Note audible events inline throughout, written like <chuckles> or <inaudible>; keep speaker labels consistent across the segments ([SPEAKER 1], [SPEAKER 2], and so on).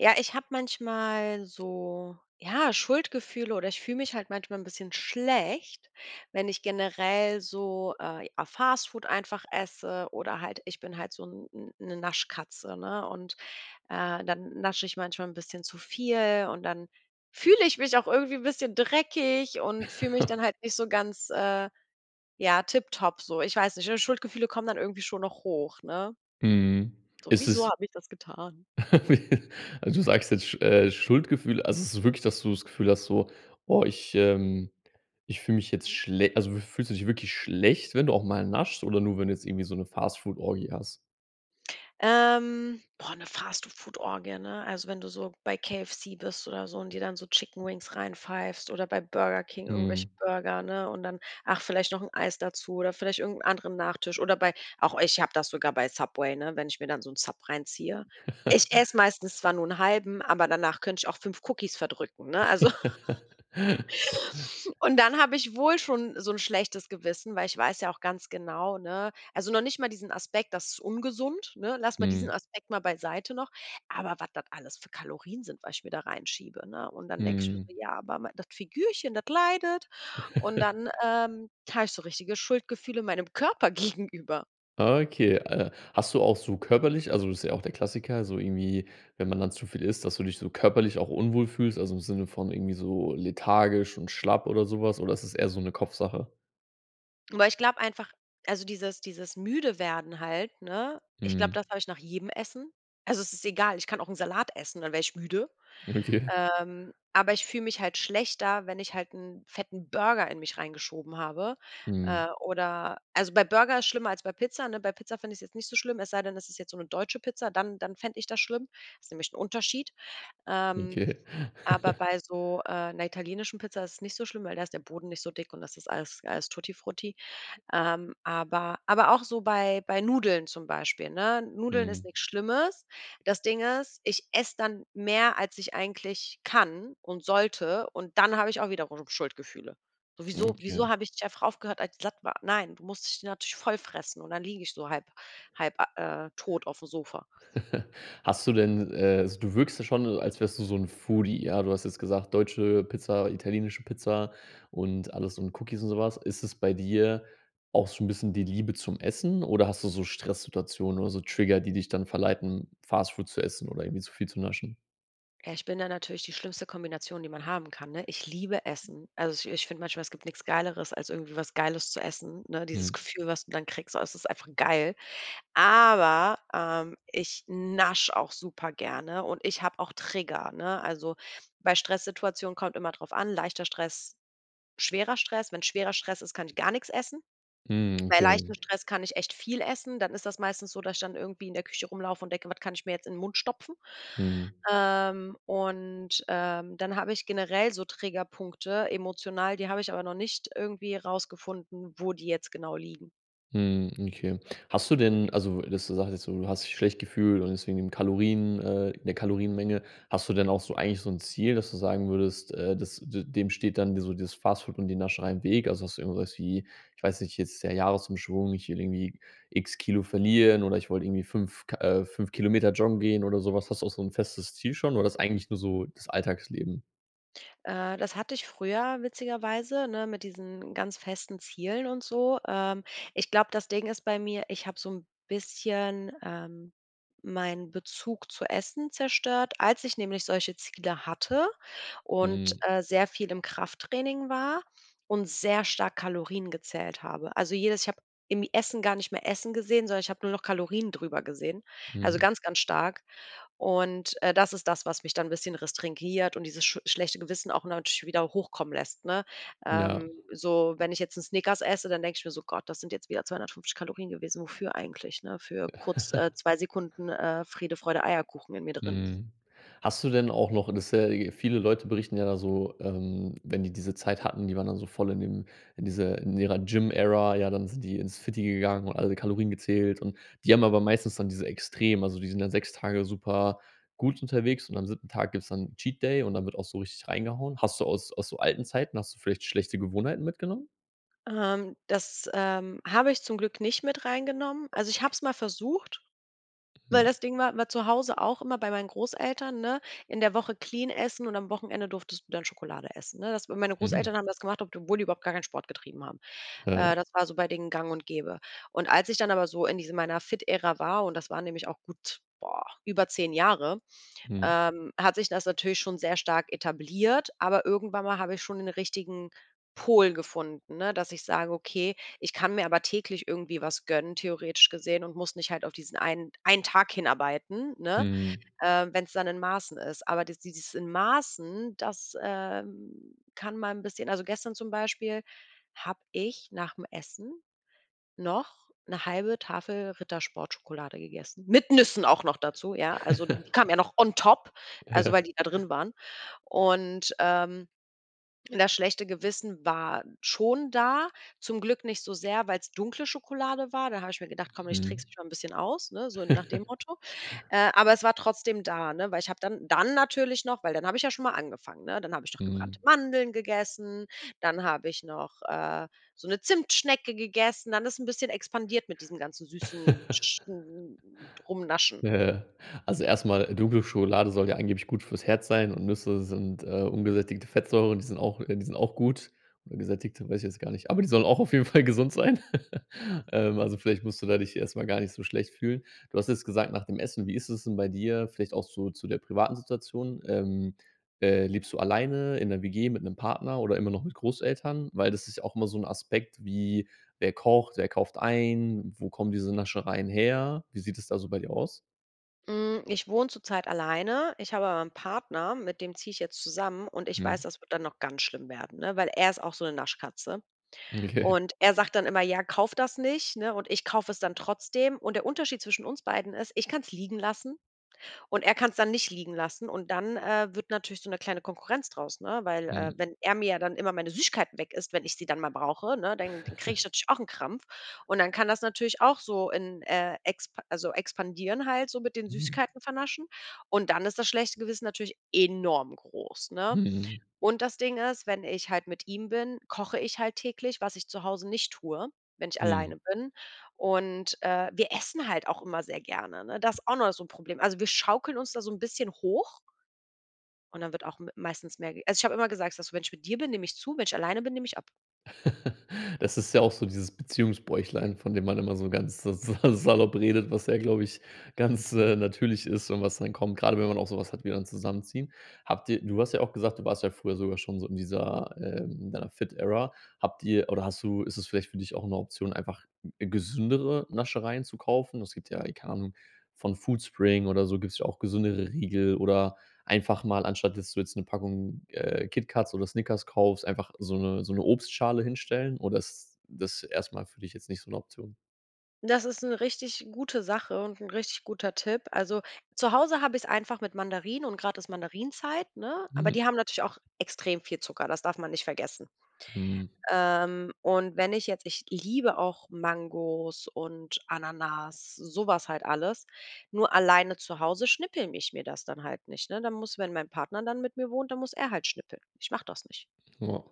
[SPEAKER 1] Ja, ich habe manchmal so, ja, Schuldgefühle oder ich fühle mich halt manchmal 'n bisschen schlecht, wenn ich generell so, äh, ja Fast Food einfach esse oder halt ich bin halt so 'n 'n 'ne, Naschkatze, ne? Und, äh, dann nasche ich manchmal 'n bisschen zu viel und dann fühle ich mich auch irgendwie 'n bisschen dreckig und fühle mich dann
[SPEAKER 2] <chuckles>
[SPEAKER 1] halt nicht so ganz, äh, ja tipptopp so. Ich weiß nicht, <unintelligible> Schuldgefühle kommen dann irgendwie schon noch hoch, ne
[SPEAKER 2] Mhm,
[SPEAKER 1] so:
[SPEAKER 2] ist
[SPEAKER 1] „Wieso
[SPEAKER 2] es
[SPEAKER 1] habe ich das getan?“
[SPEAKER 2] <laughs> Wie also du sagst jetzt Sch äh, Schuldgefühle. Also so wirklich, dass du das Gefühl hast so: „Oh, ich, ähm ich fühle mich jetzt schle“ Also fühlst du dich wirklich schlecht, wenn du auch mal naschst oder nur, wenn du jetzt irgendwie so 'ne Fast-Food-Orgie hast?
[SPEAKER 1] Ähm, boah, ne, Fast-Food-Orgie, ne? Also wenn du so bei KFC bist oder so und dir dann so Chickenwings reinpfeifst oder bei Burger King irgendwelche
[SPEAKER 2] Mhm.
[SPEAKER 1] Burger, ne? Und dann, ach, vielleicht noch 'n Eis dazu oder vielleicht irgend 'n anderen Nachtisch oder bei auch ich habe das sogar bei Subway, ne, wenn ich mir dann so 'n Sub reinziehe. Ich esse
[SPEAKER 2] <laughs>
[SPEAKER 1] meistens zwar nur 'n halben, aber danach könnte ich auch 5 Cookies verdrücken, ne, also.
[SPEAKER 2] <laughs>
[SPEAKER 1] <laughs> Und dann habe ich wohl schon so 'n schlechtes Gewissen, weil ich weiß ja auch ganz genau, ne also noch nicht mal diesen Aspekt: Das ist ungesund, ne? Lass mal
[SPEAKER 2] Mhm.
[SPEAKER 1] diesen Aspekt mal beiseite noch, aber wat das alles für Kalorien sind, was ich mir da reinschiebe, ne? Und dann denkst du so:
[SPEAKER 2] Mhm.
[SPEAKER 1] „Ja, aber mei dat Figürchen, dat leidet.“ Und
[SPEAKER 2] <laughs>
[SPEAKER 1] dann, ähm, habe ich so richtige Schuldgefühle meinem Körper gegenüber.
[SPEAKER 2] Okay, äh, hast du auch so körperlich also, das ist ja auch der Klassiker, so irgendwie, wenn man dann zu viel isst, dass du dich so körperlich auch unwohl fühlst, also im Sinne von irgendwie so lethargisch und schlapp oder so was, oder ist das eher so 'ne Kopfsache?
[SPEAKER 1] Aber ich glaube einfach also dieses dieses müde werden halt, ne, ich glaube
[SPEAKER 2] Mhm.
[SPEAKER 1] das habe ich nach jedem Essen. Also es ist egal, ich kann auch 'n Salat essen, dann werde ich müde.
[SPEAKER 2] Okay.
[SPEAKER 1] Ähm, aber ich fühle mich halt schlechter, wenn ich halt 'n fetten Burger in mich reingeschoben habe, äh,
[SPEAKER 2] Mhm.
[SPEAKER 1] oder also bei Burger ist schlimmer als bei Pizza, ne? Bei Pizza fände ich's jetzt nicht so schlimm, es sei denn, das ist jetzt so 'ne deutsche Pizza, dann dann fände ich das schlimm. Ist nämlich 'n Unterschied. Ähm.
[SPEAKER 2] Okay.
[SPEAKER 1] Aber
[SPEAKER 2] <chuckles>
[SPEAKER 1] bei so, äh, 'ner italienischen Pizza ist es nicht so schlimm, weil da ist der Boden nicht so dick und das ist alles alles Tuttifrutti. Ähm, aber aber auch so bei bei Nudeln zum Beispiel, ne? Nudeln ist
[SPEAKER 2] Mhm.
[SPEAKER 1] nix Schlimmes. Das Ding ist, ich esse dann mehr als ich eigentlich kann und sollte, und dann habe ich auch wiederum Schuldgefühle. So wieso
[SPEAKER 2] Okay.
[SPEAKER 1] wieso habe ich nicht einfach aufgehört als ich satt war? Nein, du musst dich natürlich voll fressen und dann liege ich so halb halb, äh, tot auf dem Sofa.
[SPEAKER 2] <chuckles> Hast du denn, äh also du wirkst da schon so, als wärst du so 'n Foodie, ja? Du hast jetzt gesagt, deutsche Pizza, italienische Pizza und alles und Cookies und so was. Ist es bei dir auch so 'n bisschen die Liebe zum Essen oder hast du so Stresssituationen oder so Trigger, die dich dann verleiten, Fast Food zu essen oder irgendwie so viel zu naschen?
[SPEAKER 1] Ja, ich bin da natürlich die schlimmste Kombination, die man haben kann, ne? Ich liebe Essen. Also ich ich finde manchmal, es gibt nix Geileres, als irgendwie was Geiles zu essen, ne? Dieses
[SPEAKER 2] Mhm.
[SPEAKER 1] Gefühl, was du dann kriegst. Also es ist einfach geil. Aber, ähm, ich nasche auch supergerne und ich habe auch Trigger, ne? Also, bei Stresssituationen kommt immer drauf an, leichter Stress, schwerer Stress. Wenn schwerer Stress ist, kann ich gar nix essen.
[SPEAKER 2] Mhm,
[SPEAKER 1] Bei
[SPEAKER 2] okay.
[SPEAKER 1] leichtem Stress kann ich echt viel essen. Dann ist das meistens so, dass ich dann irgendwie in der Küche rumlaufen und denke: „Wat kann ich mir jetzt in 'nen Mund stopfen?“
[SPEAKER 2] Mhm.
[SPEAKER 1] Ähm, und, ähm, dann habe ich generell so Triggerpunkte emotional, die habe ich aber noch nicht irgendwie rausgefunden, wo die jetzt genau liegen.
[SPEAKER 2] Mhm, okay. Hast du denn also dass du sagst, jetzt so: Du hast dich schlecht gefühlt und deswegen im Kalorien, äh 'ne Kalorienmenge, hast du denn auch so eigentlich so 'n Ziel, dass du sagen würdest, äh, dass d dem steht dann dir so dieses Fast Food und die Nascherei im Weg. Also hast du irgendwas wie, ich weiß nicht, jetzt ist der Jahresumschwung, ich will irgendwie X Kilo verlieren oder ich wollte irgendwie 5 k äh, 5 Kilometer joggen gehen oder so was. Hast du auch so 'n festes Ziel schon oder das ist eigentlich nur so das Alltagsleben?
[SPEAKER 1] Äh, das hatte ich früher witzigerweise, ne, mit diesen ganz festen Zielen und so. Ähm, ich glaube, das Ding ist bei mir, ich habe so 'n bisschen, ähm, meinen Bezug zu Essen zerstört, als ich nämlich solche Ziele hatte und,
[SPEAKER 2] Mhm.
[SPEAKER 1] äh, sehr viel im Krafttraining war und sehr stark Kalorien gezählt habe. Also jedes ich habe im Essen gar nicht mehr Essen gesehen, sondern ich habe nur noch Kalorien drüber gesehen, also
[SPEAKER 2] Mhm.
[SPEAKER 1] ganz, ganz stark. Und, äh, das, ist das, was mich dann 'n bisschen restringiert und dieses schu schlechte Gewissen auch natürlich wieder hochkommen lässt, ne?
[SPEAKER 2] Ja.
[SPEAKER 1] Ähm, so, wenn ich jetzt 'n Snickers esse, dann denke ich mir so: „Gott, das sind jetzt wieder 250 Kalorien gewesen, wofür eigentlich, ne, für kurz, äh,
[SPEAKER 2] <chuckles>
[SPEAKER 1] 2 Sekunden, äh, Friede, Freude, Eierkuchen in mir drin.“
[SPEAKER 2] Mhm, hast du denn auch noch das ist ja, äh viele Leute berichten ja da so, ähm, wenn die diese Zeit hatten, die waren dann so voll in dem in dieser in ihrer Gym Era, ja, dann sind die ins Fitty gegangen und alle Kalorien gezählt. Und die haben aber meistens dann diese extrem also die sind ja 6 Tage super gut unterwegs. Und am siebten Tag gibt's dann 'n Cheat Day und dann wird auch so richtig reingehauen. Hast du aus aus so alten Zeiten hast du vielleicht schlechte Gewohnheiten mitgenommen?
[SPEAKER 1] Ähm, das, ähm, habe ich zum Glück nicht mit rein genommen. Also ich habe es mal versucht, weil
[SPEAKER 2] Mhm.
[SPEAKER 1] das Ding war war zu Hause auch immer bei meinen Großeltern, ne? In der Woche clean essen und am Wochenende durftest du dann Schokolade essen, ne? Das weil, meine
[SPEAKER 2] Mhm.
[SPEAKER 1] Großeltern haben das gemacht, ob d wohl die überhaupt gar keinen Sport getrieben haben. Äh,
[SPEAKER 2] Ja.
[SPEAKER 1] das war so bei denen gang und gäbe. Und als ich dann aber so in diese meiner Fit-Ära war, und das waren nämlich auch gut, boah, über 10 Jahre,
[SPEAKER 2] Mhm.
[SPEAKER 1] ähm, hat sich das natürlich schon sehr stark etabliert. Aber irgendwann mal habe ich schon nen richtigen Pol gefunden, ne, dass ich sage: „Okay, ich kann mir aber täglich irgendwie was gönnen, theoretisch gesehen, und muss nicht halt auf diesen einen einen Tag hinarbeiten, ne,
[SPEAKER 2] Mhm.
[SPEAKER 1] äh, wenn's dann in Maßen ist.“ Aber dies dieses in Maßen, das, ähm, kann man 'n bisschen also gestern zum Beispiel, habe ich nach dem Essen noch 1/2 Tafel Rittersport-Schokolade gegessen, mit Nüssen auch noch dazu, ja, also die kamen
[SPEAKER 2] <chuckles>
[SPEAKER 1] ja noch on top, also
[SPEAKER 2] Ja.
[SPEAKER 1] weil die da drin waren. Und, ähm, das schlechte Gewissen war schon da, zum Glück nicht so sehr, weil's dunkle Schokolade war, da habe ich mir gedacht: „Komm, ich
[SPEAKER 2] Mhm.
[SPEAKER 1] trickse mich mal 'n bisschen aus“, ne, so nach dem
[SPEAKER 2] <laughs>
[SPEAKER 1] Motto. Äh, aber es war trotzdem da, ne, weil ich habe dann dann natürlich noch weil dann habe ich ja schon mal angefangen, ne? Dann habe ich noch
[SPEAKER 2] Mhm.
[SPEAKER 1] gebrannte Mandeln gegessen, dann habe ich noch, äh, so 'ne Zimtschnecke gegessen, dann ist 'n bisschen expandiert mit diesen ganzen süßen
[SPEAKER 2] <chuckles>
[SPEAKER 1] sch sch n n Rumnaschen.
[SPEAKER 2] Ja, ja. Also erst mal, dunkle Schokolade soll ja angeblich gut fürs Herz sein und Nüsse sind, äh, ungesättigte Fettsäuren. Die sind auch, äh die sind auch gut oder gesättigte, weiß ich jetzt gar nicht. Aber die sollen auch auf jeden Fall gesund sein. <laughs> Ähm, also vielleicht musst du da dich erst mal gar nicht so schlecht fühlen. Du hast jetzt gesagt, nach dem Essen. Wie ist es denn bei dir, vielleicht auch so zu der privaten Situation, ähm, äh, lebst du alleine in ner WG mit 'nem Partner oder immer noch mit Großeltern? Weil das ist ja auch immer so 'n Aspekt wie: Wer kocht, wer kauft ein? Wo kommen diese Naschereien her? Wie sieht es da so bei dir aus?
[SPEAKER 1] Hm, ich wohne zurzeit alleine. Ich habe aber 'n Partner, mit dem ziehe ich jetzt zusammen. Und ich weiß,
[SPEAKER 2] Mhm.
[SPEAKER 1] das wird dann noch ganz schlimm werden, ne, weil er ist auch so 'ne Naschkatze.
[SPEAKER 2] Okay.
[SPEAKER 1] Und er sagt dann immer: „Ja, kauf das nicht,“ ne? Und ich kaufe es dann trotzdem. Und der Unterschied zwischen uns beiden ist, ich kann's liegen lassen und er kann's dann nicht liegen lassen und dann, äh, wird natürlich so 'ne kleine Konkurrenz draus, ne? Weil, äh,
[SPEAKER 2] Mhm.
[SPEAKER 1] wenn er mir dann immer meine Süßigkeiten weg isst, wenn ich sie dann mal brauche, ne, dann kriege ich
[SPEAKER 2] <chuckles>
[SPEAKER 1] natürlich auch 'n Krampf. Und dann kann das natürlich auch so in, äh, expa also, expandieren halt, so mit den
[SPEAKER 2] Mhm.
[SPEAKER 1] Süßigkeiten vernaschen. Und dann ist das schlechte Gewissen natürlich enorm groß, ne?
[SPEAKER 2] Mhm.
[SPEAKER 1] Und das Ding ist, wenn ich halt mit ihm bin, koche ich halt täglich, was ich zu Hause nicht tue, wenn ich alleine
[SPEAKER 2] Mhm.
[SPEAKER 1] bin. Und, äh, wir essen halt auch immer sehr gerne, ne? Das auch noch so 'n Problem. Also, wir schaukeln uns da so 'n bisschen hoch und dann wird auch m meistens mehr also ich habe immer gesagt, dass: „Wenn ich mit dir bin, nehme ich zu, wenn ich alleine bin, nehme ich ab.“
[SPEAKER 2] <chuckles> Das ist ja auch so dieses Beziehungsbäuchlein, von dem man immer so ganz sa sa salopp redet, was ja, glaube ich, ganz, äh, natürlich ist und was dann kommt, gerade wenn man auch so was hat, wie dann zusammenziehen. Habt ihr du hast ja auch gesagt, du warst ja früher sogar schon so in dieser, äh in deiner Fit-Era. Habt ihr oder hast du ist das vielleicht für dich auch 'ne Option, einfach, äh, gesündere Naschereien zu kaufen? Es gibt ja, keine Ahnung, von Foodspring oder so, gibt's ja auch gesündere Riegel. Oder einfach mal anstatt, dass du jetzt 'ne Packung, äh, KitKats oder Snickers kaufst, einfach so 'ne so 'ne Obstschale hinstellen oder ist das erst mal für dich jetzt nicht so 'ne Option?
[SPEAKER 1] Das ist 'ne richtig gute Sache und 'n richtig guter Tipp. Also, zu Hause habe ich's einfach mit Mandarinen, und gerade ist Mandarinenzeit, ne? Aber die
[SPEAKER 2] Mhm.
[SPEAKER 1] haben natürlich auch extrem viel Zucker, das darf man nicht vergessen.
[SPEAKER 2] Mhm.
[SPEAKER 1] Ähm, und wenn ich jetzt ich liebe auch Mangos und Ananas, so was halt alles. Nur alleine zu Hause schnippel ich mir das dann halt nicht, ne? Dann muss, wenn mein Partner dann mit mir wohnt, dann muss er halt schnippeln. Ich mache das nicht.
[SPEAKER 2] Ja.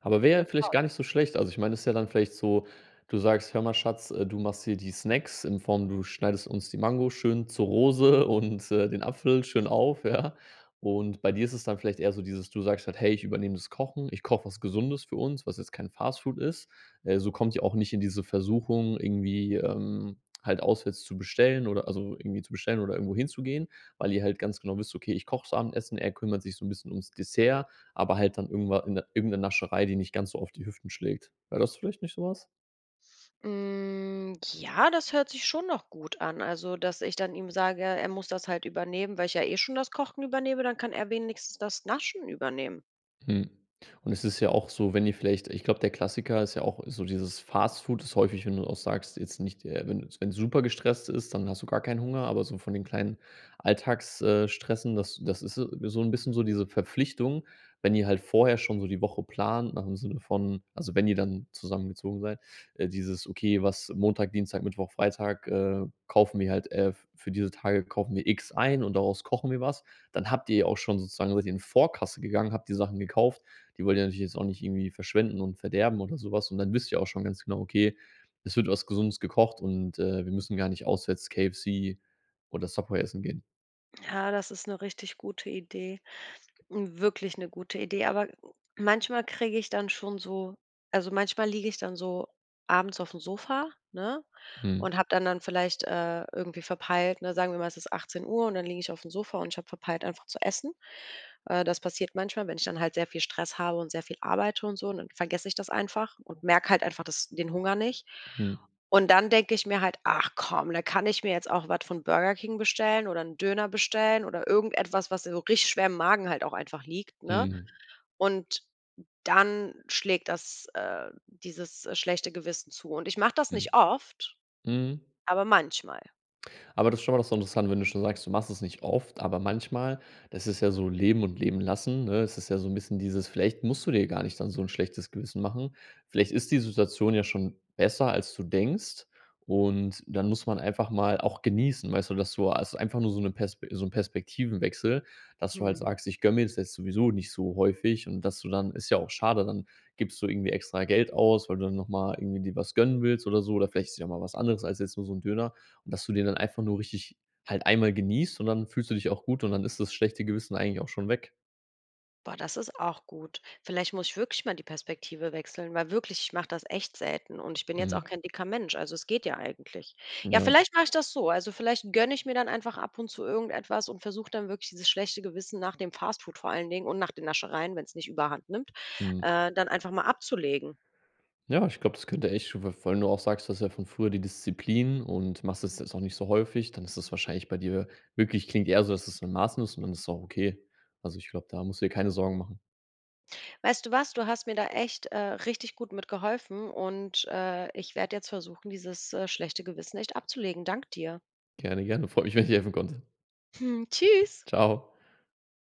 [SPEAKER 2] Aber wäre
[SPEAKER 1] Ja,
[SPEAKER 2] ja vielleicht
[SPEAKER 1] klar.
[SPEAKER 2] gar nicht so schlecht. Also ich meine, es ist ja dann vielleicht so du sagst: „Hör mal Schatz. Du machst hier die Snacks in Form, du schneidest uns die Mango schön zur Rose und den Apfel schön auf, ja?“ Und bei dir ist es dann vielleicht eher so dieses du sagst halt: „Hey, ich übernehme das Kochen, ich koche was Gesundes für uns, was jetzt kein Fast Food ist. Äh, so kommt ihr auch nicht in diese Versuchung irgendwie, ähm, halt auswärts zu bestellen oder also irgendwie zu bestellen, oder irgendwohin zu gehen, weil ihr halt ganz genau wisst: „Okay, ich koche das Abendessen, er kümmert sich so 'n bisschen ums Dessert.“ Aber halt dann irgendwa in irgend 'ne Nascherei, die nicht ganz so auf die Hüften schlägt. Wäre das vielleicht nicht so was?
[SPEAKER 1] Hm. Ja, das hört sich schon noch gut an. Also, dass ich dann ihm sage, er muss das halt übernehmen, weil ich ja eh schon das Kochen übernehme, dann kann er wenigstens das Naschen übernehmen.
[SPEAKER 2] Hm. Und es ist ja auch so, wenn ihr vielleicht ich glaube, der Klassiker ist ja auch so dieses Fast Food ist häufig, wenn du auch sagst, jetzt nicht äh, wenn du wenn's super gestresst ist, dann hast du gar keinen Hunger, aber so von den kleinen Alltags äh, Stressen, das das ist so so 'n bisschen so diese Verpflichtung. Wenn ihr halt vorher schon so die Woche plant nach im Sinne von also wenn ihr dann zusammengezogen seid, dieses: “Okay, was Montag, Dienstag, Mittwoch, Freitag äh, kaufen wir halt, äh für diese Tage kaufen wir X ein und daraus kochen wir was“. Dann habt ihr auch schon sozusagen seit ihr in Vorkasse gegangen, habt die Sachen gekauft, die wollt ihr natürlich jetzt auch nicht irgendwie verschwenden und verderben oder so was. Und dann wisst ihr auch schon ganz genau: „Okay, es wird was Gesundes gekocht und, äh, wir müssen gar nicht auswärts, KFC oder Subway, essen gehen“.
[SPEAKER 1] Ja, das ist 'ne richtig gute Idee, wirklich 'ne gute Idee. Aber manchmal kriege ich dann schon so also manchmal liege ich dann so abends aufm Sofa, ne?
[SPEAKER 2] Mhm.
[SPEAKER 1] Und habe dann dann vielleicht, äh, irgendwie verpeilt, ne sagen wir mal, es ist 18:00, und dann liege ich aufm Sofa und ich habe verpeilt, einfach zu essen. Äh, das passiert manchmal, wenn ich dann halt sehr viel Stress habe und sehr viel arbeite und so und dann vergesse ich das einfach und merke halt einfach das den Hunger nicht.
[SPEAKER 2] Mhm.
[SPEAKER 1] Und dann denke ich mir halt: „Ach komm, da kann ich mir jetzt auch was von Burger King bestellen oder 'n Döner bestellen oder irgendetwas, was so richtig schwer im Magen halt auch einfach liegt,“ ne?
[SPEAKER 2] Mhm.
[SPEAKER 1] Und dann schlägt das, äh dieses schlechte Gewissen zu und ich mache das
[SPEAKER 2] Hm.
[SPEAKER 1] nicht oft,
[SPEAKER 2] Mhm.
[SPEAKER 1] aber manchmal.
[SPEAKER 2] Aber das ist schon mal das ist interessant, wenn du schon sagst, du machst es nicht oft, aber manchmal, das ist ja so leben und leben lassen, ne, es ja so 'n bisschen dieses vielleicht musst du dir gar nicht dann so 'n schlechtes Gewissen machen. Vielleicht ist die Situation ja schon besser, als du denkst und dann muss man einfach mal auch genießen, weißt du, dass du, also einfach nur so 'ne Pers so 'nen Perspektivenwechsel, dass du halt
[SPEAKER 1] Mhm.
[SPEAKER 2] sagst: „Ich gönne mir jetzt jetzt sowieso nicht so häufig“ und dass du dann ist ja auch schade, dann gibst du irgendwie extra Geld aus, weil du dann noch mal irgendwie dir was gönnen willst oder so oder vielleicht ist es ja auch mal was anderes als jetzt nur so 'n Döner und dass du den dann einfach nur richtig halt einmal genießt, und dann fühlst du dich auch gut, und dann ist das schlechte Gewissen eigentlich auch schon weg.
[SPEAKER 1] Boah, das ist auch gut. Vielleicht muss ich wirklich mal die Perspektive wechseln. Weil wirklich, ich mache das echt selten und ich bin jetzt auch
[SPEAKER 2] Mhm.
[SPEAKER 1] kein dicker Mensch, also es geht ja eigentlich. Ja,
[SPEAKER 2] Ja.
[SPEAKER 1] vielleicht mache ich das so, also vielleicht gönne ich mir dann einfach ab und zu irgendetwas und versuch dann wirklich dieses schlechte Gewissen nach dem Fast Food vor allen Dingen und nach den Naschereien, wenn's nicht überhand nimmt,
[SPEAKER 2] Mhm.
[SPEAKER 1] äh, dann einfach mal abzulegen.
[SPEAKER 2] Ja, ich glaub, das könnte echt schon weil vor allem wenn du auch sagst, du hast ja von früher die Disziplin und machst das jetzt auch nicht so häufig, dann ist das wahrscheinlich bei dir wirklich klingt eher so, dass es in Maßen ist und dann ist auch okay. Also ich glaube, da musst du dir keine Sorgen machen.
[SPEAKER 1] Weißt du was? Du hast mir da echt, äh, richtig gut mitgeholfen und, äh, ich werde jetzt versuchen, dieses, äh, schlechte Gewissen echt abzulegen. Danke dir.
[SPEAKER 2] Gerne, gerne. Freut mich, wenn ich helfen konnte.
[SPEAKER 1] Hm. Tschüss!
[SPEAKER 2] Tschau.